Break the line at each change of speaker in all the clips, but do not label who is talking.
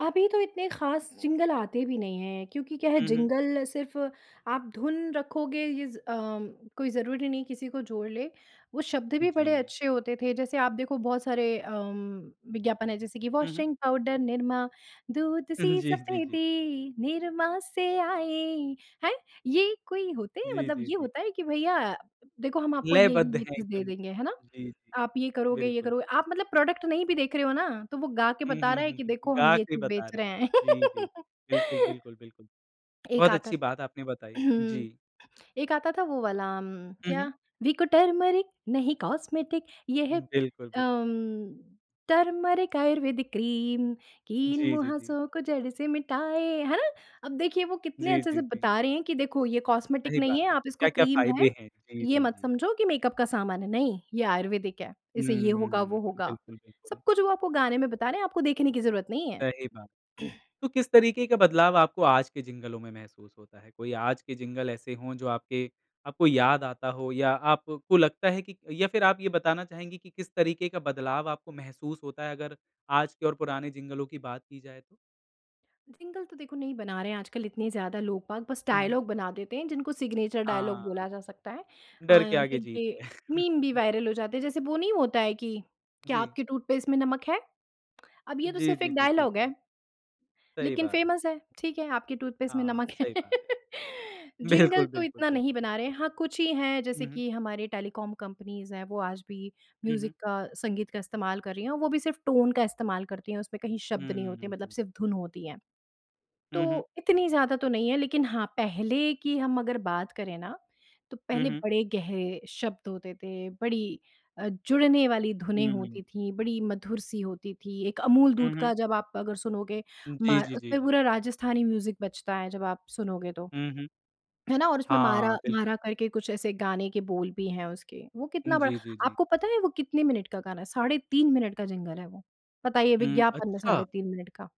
अभी तो इतने ख़ास जिंगल आते भी नहीं हैं क्योंकि क्या है
हुँ, हुँ।
जिंगल सिर्फ़ आप धुन रखोगे इज़ अम, कोई ज़रूरी नहीं किसी को जोड़ लें, वो शब्द भी बड़े
जी।
अच्छे होते थे। जैसे आप देखो बहुत सारे अम, विज्ञापन है जैसे कि
हुँ, हुँ।
वाशिंग पाउडर निरमा, दूध सी
जी, जी, जी।
सफेदी निरमा से आए हैं, ये कोई होते हैं
जी,
मतलब
जी,
ये
जी।
होता है कि भैया देखो हम आपको ये ये
लयबद्ध
ये
है
चीज़ दे
एकदम।
देंगे, है ना?
जी, जी,
आप ये करोगे ये
बिल्कुल
करोगे
बिल
आप मतलब प्रोडक्ट नहीं भी देख रहे हो ना, तो वो गा के
हुँ,
बता
हुँ,
रहा है
हुँ,
कि
हुँ।
देखो हम
गा
ये
के
चीज़
बता
बेच
रही
रहे
है।
हैं।
जी, जी, बिल्कुल, बिल्कुल, बिल्कुल,
एक
बहुत
आता
अच्छी बात आपने बताई, जी।
एक आता था वो वाला अम,
हुँ, हुँ।
क्या विको टरमरिक नहीं कॉस्मेटिक ये है
बिल्कुल, बिल
अम, टरमरिक आयुर्वेदिक क्रीम,
जी, जी, जी।
कील-मुहासों को जड़ से मिटाए, है ना? अब देखिए वो कितने
जी,
अच्छे
जी,
से
जी।
बता रहे हैं कि देखो ये कॉस्मेटिक
सही
नहीं
बात
है
है।
आप इसको
क्या-क्या
क्रीम है,
फ़ायदे है? जी,
ये
जी,
मत
जी।
समझो कि मेकअप का सामान है, नहीं ये आयुर्वेदिक है, इसे ये होगा
हम्म,
वो होगा।
बिल्कुल,
सब
बिल्कुल।
कुछ वो आपको गाने में बता रहे हैं आपको देखने की ज़रूरत नहीं है।
सही बात है। तो किस तरीके का बदलाव आपको आज के जिंगलों में महसूस होता है? कोई आज के जिंगल ऐसे हो जो आपके आपको याद आता हो या आपको लगता है कि या फिर आप ये बताना चाहेंगी कि किस तरीके का बदलाव आपको महसूस होता है अगर, आज के और पुराने जिंगलों की बात की जाए तो?
जिंगल तो देखो नहीं बना रहे हैं आजकल इतने ज़्यादा लोग-बाग बस
हुँ, हुँ।
डायलॉग बना देते हैं जिनको सिग्नेचर डायलॉग
हाँ।
बोला जा सकता है अ,
डर के आगे जीत
जिनके
है।
मीम भी वायरल हो जाते हैं। जैसे वो नहीं होता है कि "क्या
जी।
आपके टूथपेस्ट में नमक है?" अब ये तो
जी,
सिर्फ़
जी,
एक
जी।
डायलॉग
बिल्कुल।
है।
सही
लेकिन
बात है।
फ़ेमस है, ठीक है? आपके टूथपेस्ट में
हाँ,
नमक है।
सही बात है।
जिंगल
बिल्कुल,
तो
बिल्कुल,
इतना नहीं
बिल्कुल।
बना रहे हैं, हाँ, कुछ ही हैं
हुँ,
जैसे
हुँ।
कि हमारे टेलीकॉम कंपनीज़ हैं वो आज भी
हुँ, हुँ।
म्यूजिक का, संगीत का इस्तेमाल कर रही हैं वो भी सिर्फ़ टोन का इस्तेमाल करती हैं, उसमें कहीं शब्द नहीं होते मतलब
हम्म।
सिर्फ़ धुन होती हैं।
हुँ,
तो
हुँ।
इतनी ज़्यादा तो नहीं है लेकिन हाँ, पहले की हम अगर बात करें ना, तो
हुँ,
पहले
हुँ।
बड़े गहरे शब्द होते थे बड़ी अ, जुड़ने वाली धुनें
हुँ।
होती थीं बड़ी मधुर सी होती थी। एक अमूल दूध
हुँ, हुँ।
का जब आप अगर सुनोगे
जी,
म्हार
जी, जी,
उसमें
जी।
पूरा राजस्थानी म्यूजिक बजता है जब आप सुनोगे तो,
हुँ, हुँ।
है ना? और उसमें म्हारा
हाँ, बिल्कुल।
म्हारा करके कुछ ऐसे गाने के बोल भी हैं उसके, वो कितना बड़ा
जी, जी, जी।
आपको पता है वो कितने मिनट का गाना है साढ़े 3 मिनट का जिंगल है वो, बताइए
हुँ,
विज्ञापन में
अच्छा।
साढ़े 3 मिनट का।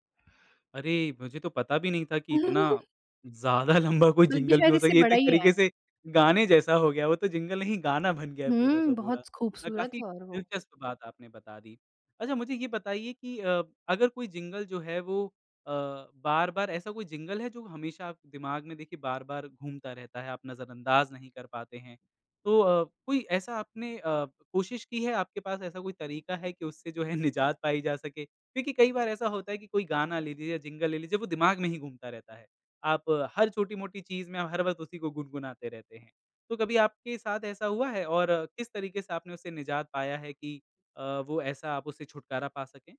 अरे! मुझे तो पता भी नहीं था कि इतना ज़्यादा लंबा कोई
बल्कि
जिंगल भी
शायद
हो स
इससे
ये तो
बड़ा
एक
ही
तरीके
है।
से गाने जैसा हो गया वो तो जिंगल नहीं गाना बन गया है पूरा
हुँ,
का पूरा,
बहुत
अ,
खूबसूरत
काफ़ी
है और वो।
दिलचस्प बात आपने बता दी। अच्छा मुझे ये बताइए कि अब अगर कोई जिंगल जो है वो अ, बार-बार ऐसा कोई जिंगल है जो हमेशा आप दिमाग में देखिए बार-बार घूमता रहता है, आप नज़रअंदाज नहीं कर पाते हैं, तो अ, कोई ऐसा आपने अ, कोशिश की है आपके पास ऐसा कोई तरीका है कि उससे जो है निजात पाई जा सके? देखिए कई बार ऐसा होता है कि कोई गाना ले लीजिए, जिंगल ले लीजिए वो दिमाग में ही घूमता रहता है, आप हर छोटी-मोटी चीज़ में हर वक़्त उसी को गुनगुनाते रहते हैं। तो कभी आपके साथ ऐसा हुआ है? और किस तरीके से आपने उसे निजात पाया है कि अ, वो ऐसा आप उससे छुटकारा पा सकें?